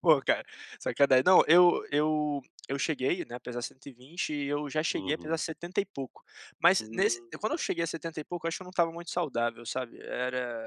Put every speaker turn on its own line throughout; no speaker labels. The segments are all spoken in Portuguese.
Pô, ca sacana Não, eu eu eu cheguei, né, a pesar 120. E eu, já, cheguei a pesar
Uhum.
setenta e pouco. Mas, nes
Hum.
quando eu cheguei a setenta e pouco, eu acho que eu não estava muito saudável, sabe. Era,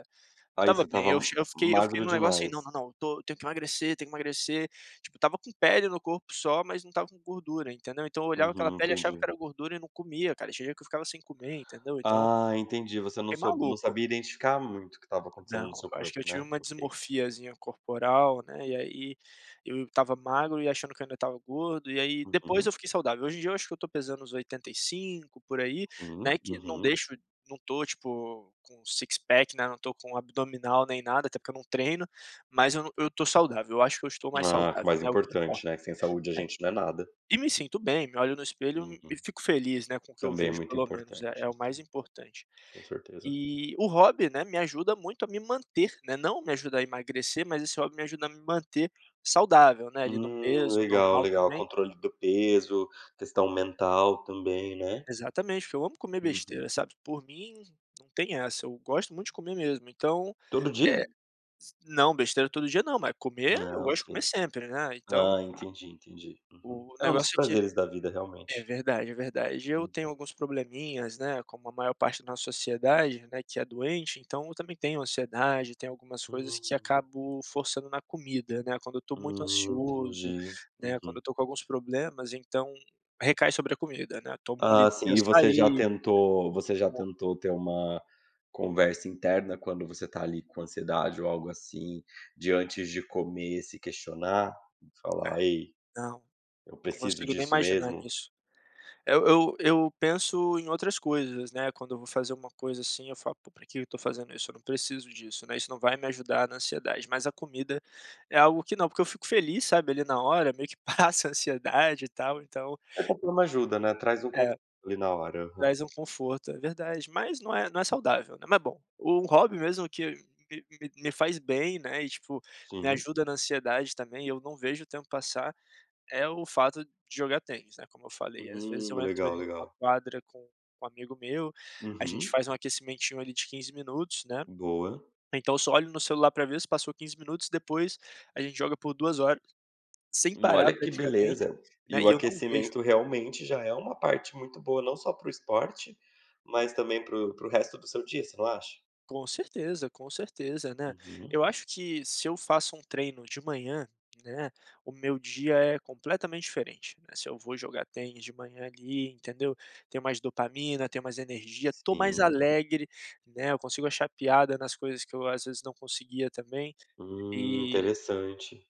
não
Aí,
estava
você
bem. Eu
estava
che eu fiquei eu fiquei
magro,
num negócio, aí,
demais?
"não, não, não, tô tenho que emagrecer, tenho que emagrecer.". Tipo, eu estava com pele no corpo só, mas, não estava com gordura, entendeu. Então, eu olhava aquela
Uhum,
pele e, achava que
entendi.
era gordura e, não comia, cara. Tinha dia, que eu ficava sem comer, entendeu. Então
Hã, entendi. Você não
"fiquei
so não
maluco".
sabia identificar muito, o que estava acontecendo no
Não.
seu
Eu acho que eu
corpo,
tive
né?
uma
Ok.
dismorfiazinha corporal, né. E aí, eu estava magro e achando que, ainda, estava gordo. E aí, depois eu
Uhum.
fiquei saudável. Hoje em dia, eu acho que eu tô pesando uns 85 por aí, né,
Hum.
que não
Uhum.
deixo não tô, tipo, com six pack, né. Não tô com abdominal, nem nada. Até porque, eu não treino. Mas, eu n eu tô saudável. Eu acho que eu estou mais
Hã,
saudável,
mais
né, o que importa,
importante, né. Que sem saúde, a
é.
gente não é nada.
E, me sinto bem. Me olho no espelho
Uhum.
e, fico feliz, né, com o que eu
Também é,
vejo
muito,
pelo menos. É
importante.
é o mais
Sim.
importante.
Com certeza.
Eh, o hobby, né, me ajuda muito, a me manter. Não me ajuda a emagrecer, mas, esse hobby me ajuda a me manter saudável, né, ali, no
Hum.
peso
Legal,
normal,
legal.
também
Controle do peso. Questão mental, também, né?
Exatamente. Porque, eu amo comer
Uhum.
besteira, sabe. Por mim, não tem essa. Eu gosto muito de comer mesmo. Então,
Todo o
eh
dia?
s Não, besteira todo dia, não. Mas, comer. Eu
Ah,
gosto
ok.
de comer sempre, né. Então
Hã, entendi, entendi. Uhum.
O
É, um dos
negócio é que
prazeres da vida,
é
realmente.
verdade, é verdade. Eu,
Hum.
tenho alguns probleminhas, né. Como a maior parte da nossa sociedade, né, que é doente. Então, eu também tenho ansiedade, tem algumas coisas que
Hum.
acabo forçando na comida, né. Quando eu tô muito
Hum,
ansioso,
entendi.
né, quando eu
Uhum.
tô com alguns problemas, então, recai sobre a comida, né. Tomo um
Ah
litro de
sim. E você já
açaí.
tentou você já tentou, ter uma conversa interna quando você, tá ali, com ansiedade ou algo assim. De antes de comer se questionar, e
É.
falar: "Ei,
Não.
eu
Não
preciso
consigo, nem,
disso,
imaginar
mesmo?"
nisso. Eu eu eu penso em outras coisas, né. Quando eu vou fazer uma coisa, assim, eu falo: "Pô, pra que, que eu tô fazendo, isso?", eu não preciso disso, né. Isso, não vai me ajudar na ansiedade. Mas, a comida é algo que não. Porque, eu fico feliz sabe, ali, na hora, meio que, passa a ansiedade e tal. Então
È porque não ajuda, né. Traz um
É.
conforto, ali, na hora. Aham.
Traz um conforto, é verdade. Mas, não é não é saudável, né. Ma bom, o hobby mesmo, que me me faz bem, né. E tipo, me
Sim.
ajuda na ansiedade também e eu não vejo o tempo passar. É o fato de jogar tênis, né, como eu falei. Às vezes
Hum.
eu
É
entro,
legal,
ali, numa
legal.
quadra com um amigo meu. A gente
Uhum.
faz um aquecimentinho, ali, de 15 minutos, né.
Boa.
Então, só, olho no celular pra ver se passou 15 minutos. Depois, a gente joga por 2 horas. Sem parar
Olha que
praticamente,
beleza. E
né. E,
o
eu não vejo
aquecimento, realmente já é uma parte muito boa, não só pra o esporte. Mas, também para o para o resto do seu dia. Você não acha?
Com certeza, om certeza, né.
Uhum.
Eu acho que, se eu faço um treino de manhã, né, o meu dia é, completamente diferente, né. Se, eu vou jogar tênis de manhã, ali, entendeu. Tenho mais dopamina, tenho mais energia. Tô mais
Sim.
alegre, né. Eu consigo achar piada nas coisas que eu, às vezes, não conseguia, também.
Hum,
E
interessante.